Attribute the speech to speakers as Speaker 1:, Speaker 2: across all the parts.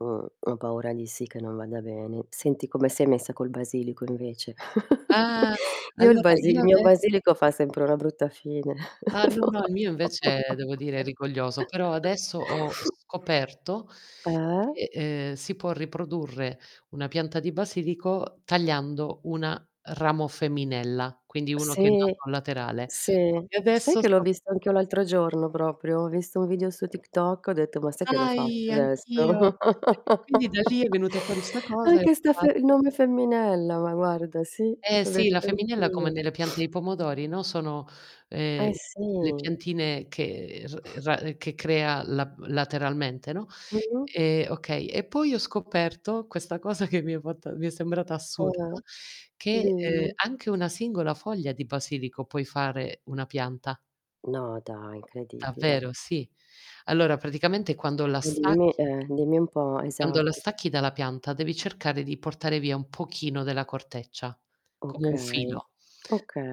Speaker 1: Mhmm, ho paura di sì che non vada bene. Senti, come sei messa col basilico invece?
Speaker 2: Ah!
Speaker 1: Io il
Speaker 2: Allora
Speaker 1: basil
Speaker 2: io
Speaker 1: il mio
Speaker 2: adesso
Speaker 1: basilico fa sempre una brutta fine.
Speaker 2: Ah, no, no il mio invece devo dire è rigoglioso, però adesso ho scoperto
Speaker 1: Eh?
Speaker 2: che, ehm, si può riprodurre una pianta di basilico tagliando una ramo femminella, quindi uno che è
Speaker 1: Sì,
Speaker 2: nato laterale.
Speaker 1: sì.
Speaker 2: E
Speaker 1: Sai
Speaker 2: adesso
Speaker 1: che l'ho
Speaker 2: sto
Speaker 1: visto anch'io l'altro giorno proprio? Ho visto un video su TikTok, ho detto ma sai che lo
Speaker 2: Dai
Speaker 1: faccio adesso?
Speaker 2: anch'io. [unintelligible] e quindi da lì è venuta fuori sta cosa e ho
Speaker 1: Anche sta fe
Speaker 2: provato
Speaker 1: il nome femminella, ma guarda sì,
Speaker 2: Eh
Speaker 1: l'ho
Speaker 2: sì, la
Speaker 1: detto
Speaker 2: femminella come
Speaker 1: anch'io.
Speaker 2: nelle piante di pomodori, no, sono, ehm,
Speaker 1: Eh,
Speaker 2: le
Speaker 1: sì.
Speaker 2: piantine che r ra che crea la lateralmente, no,
Speaker 1: Mh?
Speaker 2: ehm, okay. E poi ho scoperto questa cosa che mi è fatta mi è sembrata assurda,
Speaker 1: Eh,
Speaker 2: che, ehm,
Speaker 1: dimmi.
Speaker 2: anche una singola foglia di basilico puoi fare una pianta.
Speaker 1: No, dai, incredibile.
Speaker 2: Davvero sì. Allora praticamente quando la
Speaker 1: Eh dimmi
Speaker 2: stacchi
Speaker 1: eh dimmi un po',
Speaker 2: quando la
Speaker 1: esatto.
Speaker 2: stacchi dalla pianta, devi cercare di portare via un pochino della corteccia, come un
Speaker 1: Okay,
Speaker 2: filo.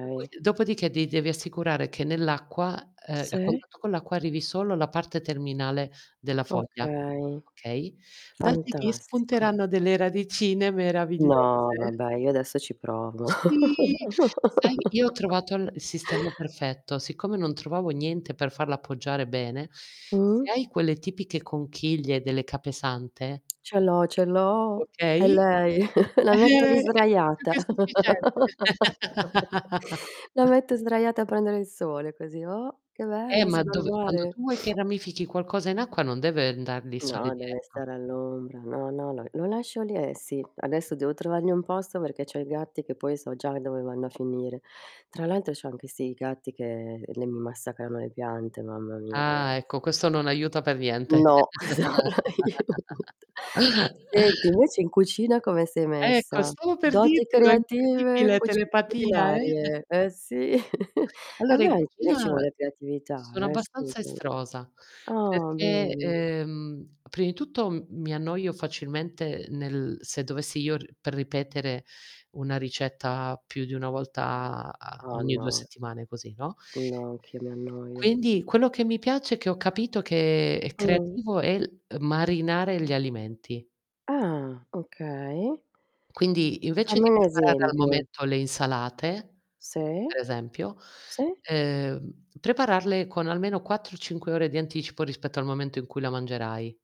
Speaker 2: Dopo dopodiché ti devi assicurare che nell'acqua ehm, a
Speaker 1: Sì.
Speaker 2: contatto con l'acqua, arrivi solo la parte terminale della foglia,
Speaker 1: Okay.
Speaker 2: okay? Da lì ti
Speaker 1: Fantastico.
Speaker 2: spunteranno delle radicine meravigliose.
Speaker 1: No, vabbè io adesso ci provo.
Speaker 2: Sì, sai io ho trovato il sistema perfetto, siccome non trovavo niente per farla appoggiare bene, se
Speaker 1: Mh?
Speaker 2: hai quelle tipiche conchiglie delle capesante
Speaker 1: Ce l'ho, ce l'ho. È
Speaker 2: Okay.
Speaker 1: lei,
Speaker 2: Eh È
Speaker 1: la metto lì
Speaker 2: [unintelligible] più
Speaker 1: sdraiata.
Speaker 2: che sufficiente.
Speaker 1: La metto sdraiata a prendere il sole così. Oh, che
Speaker 2: Eh
Speaker 1: bello
Speaker 2: ma
Speaker 1: sono al
Speaker 2: dove quando
Speaker 1: mare.
Speaker 2: tu vuoi che ramifichi qualcosa in acqua non deve andar lì il sole
Speaker 1: No, deve
Speaker 2: diretto.
Speaker 1: stare all'ombra. No, no, lo lo lascio lì, e sì. Adesso devo trovarmi un posto perché c'ho i gatti che poi so già dove vanno a finire. Tra l'altro c'ho anche sti gatti che l mi massacrano le piante, mamma mia
Speaker 2: Ah,
Speaker 1: ragazzi.
Speaker 2: ecco, questo non aiuta per niente.
Speaker 1: No! [unintelligible] Senti, invece in cucina come sei
Speaker 2: Ecco,
Speaker 1: messa?
Speaker 2: stavo per
Speaker 1: Doti
Speaker 2: dirtelo, è
Speaker 1: creative,
Speaker 2: incredibile!
Speaker 1: cuci
Speaker 2: Telepatia eh.
Speaker 1: culinarie. Eh sì, eh
Speaker 2: Allora
Speaker 1: beh,
Speaker 2: in
Speaker 1: anche li ci
Speaker 2: cucina
Speaker 1: vuole la creatività,
Speaker 2: sono
Speaker 1: eh,
Speaker 2: abbastanza
Speaker 1: scusami.
Speaker 2: estrosa,
Speaker 1: Ah,
Speaker 2: perché,
Speaker 1: bene.
Speaker 2: ehm, prima di tutto mi annoio facilmente nel se dovessi io r per ripetere una ricetta più di una volta a
Speaker 1: Ah,
Speaker 2: a-ogni 2
Speaker 1: no.
Speaker 2: settimane così, no?
Speaker 1: No, anch'io mi annoio.
Speaker 2: Quindi, quello che mi piace e che ho capito che è
Speaker 1: Mh.
Speaker 2: creativo è marinare gli alimenti.
Speaker 1: Ah, okay.
Speaker 2: Quindi, invece
Speaker 1: Fammi
Speaker 2: di
Speaker 1: un
Speaker 2: preparare al
Speaker 1: esempio.
Speaker 2: momento le insalate,
Speaker 1: Sì.
Speaker 2: per esempio,
Speaker 1: Sì.
Speaker 2: ehm, prepararle con almeno 4 o 5 ore di anticipo rispetto al momento in cui la mangerai.